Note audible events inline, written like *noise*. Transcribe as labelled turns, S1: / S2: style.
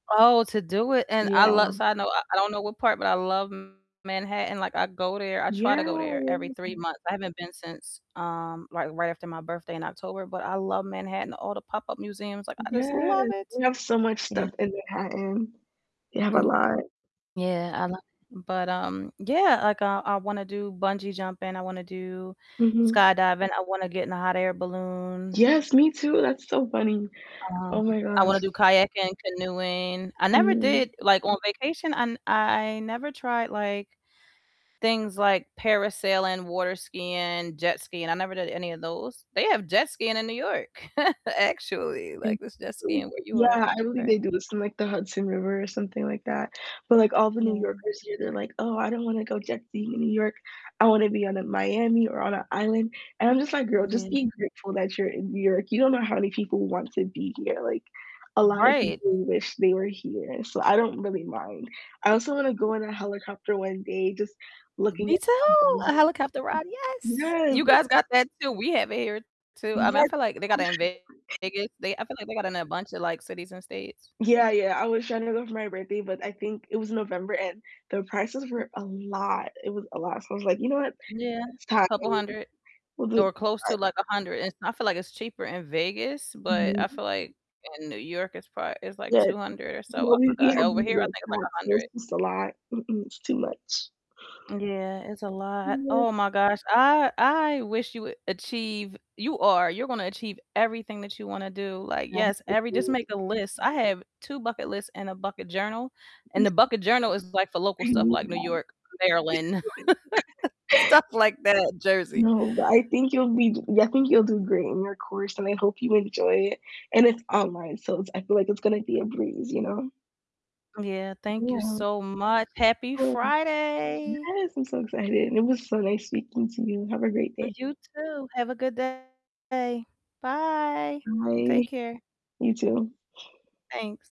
S1: Oh, to do it, and I lo
S2: Yeah.
S1: so I know I I don't know what part, but I love Manhattan, like, I go there I try to go
S2: Yeah,
S1: there every 3
S2: yeah.
S1: months. I haven't been since, um, like, right after my birthday in October, but I love Manhattan, all the pop-up museums, like, I just
S2: Yeah,
S1: love it.
S2: they have so much
S1: Yeah.
S2: stuff in Manhattan. They have a
S1: Mm
S2: lot.
S1: Yeah, I lo but, um, yeah, like, I I wanna do bungee jumping, I wanna do
S2: Mhm.
S1: skydiving, I wanna get in a hot air balloon
S2: Yes, me too, that's so funny.
S1: Um,
S2: Oh my
S1: I wanna
S2: gosh.
S1: do kayaking, canoeing I never did
S2: Mhm.
S1: like, on vacation I n I never tried, like, things like parasailing, water skiing, jet skiing I never did any of those. They have jet skiing in New York *chuckles* actually,
S2: They
S1: like, there's jet skiing where
S2: *unintelligible*
S1: you
S2: yeah, I believe
S1: are.
S2: they do this in, like, the Hudson River or something like that. But, like, all the New
S1: Yeah.
S2: Yorkers here, they're like, "Oh, I don't wanna go jet skiing in New York, I wanna be out in Miami or on an island." And I'm just like, "Girl, just
S1: Yeah.
S2: be grateful that you're in New York, you don't know how many people want to be here." Like, a lotta
S1: Right.
S2: people wish they were here, so I don't really mind. I also wanna go on a helicopter one day just looking
S1: Me
S2: at
S1: too! A
S2: *unintelligible*
S1: helicopter ride, yes!
S2: Yes!
S1: You guys got that too. We have it here too, um, I
S2: Yes.
S1: feel like they got it in
S2: *laughs*
S1: Vegas. They I feel like they got in a bunch of, like, cities and states.
S2: Yeah, yeah, I was tryna go for my birthday, but I think it was November, and the prices were a lot. It was a lot, so I was like, "You know what?
S1: Yeah,
S2: Next time
S1: couple
S2: *unintelligible*
S1: hundred.
S2: we'll do it"
S1: Or close
S2: *unintelligible*
S1: to, like, 100, and I feel like it's cheaper in Vegas, but I
S2: Mhm.
S1: feel like in New York it's pro it's, like,
S2: Yeah.
S1: 200
S2: *unintelligible*
S1: or
S2: You
S1: so,
S2: know,
S1: oh
S2: we
S1: my
S2: we
S1: God,
S2: have
S1: over
S2: New
S1: here I
S2: York
S1: think it's, like, a
S2: taxes.
S1: hundred.
S2: It's a lot. Mm-mm, it's too much.
S1: Yeah, it's a lot.
S2: Yeah.
S1: Oh my gosh, I I wish you would achieve you are, you're gonna achieve everything that you wanna do. Like, yes, every just make
S2: *unintelligible*
S1: a list. I have 2 bucket lists and a bucket journal, and the
S2: *unintelligible*
S1: bucket journal is, like, for local
S2: I
S1: stuff,
S2: need
S1: like New
S2: that.
S1: York, Maryland
S2: *laughs*
S1: *laughs* stuff like that Jersey.
S2: No, but I think you'll be yeah, I think you'll do great in your course, and I hope you enjoy it. And it's online, so it's I feel like it's gonna be a breeze, you know?
S1: Yeah, thank you
S2: Yeah.
S1: so much. Happy
S2: Um
S1: Friday!
S2: Yes, I'm so excited, and it was so nice speaking to you, have a great day.
S1: You too, have a good day. Bye,
S2: Bye.
S1: take care.
S2: You too.
S1: Thanks.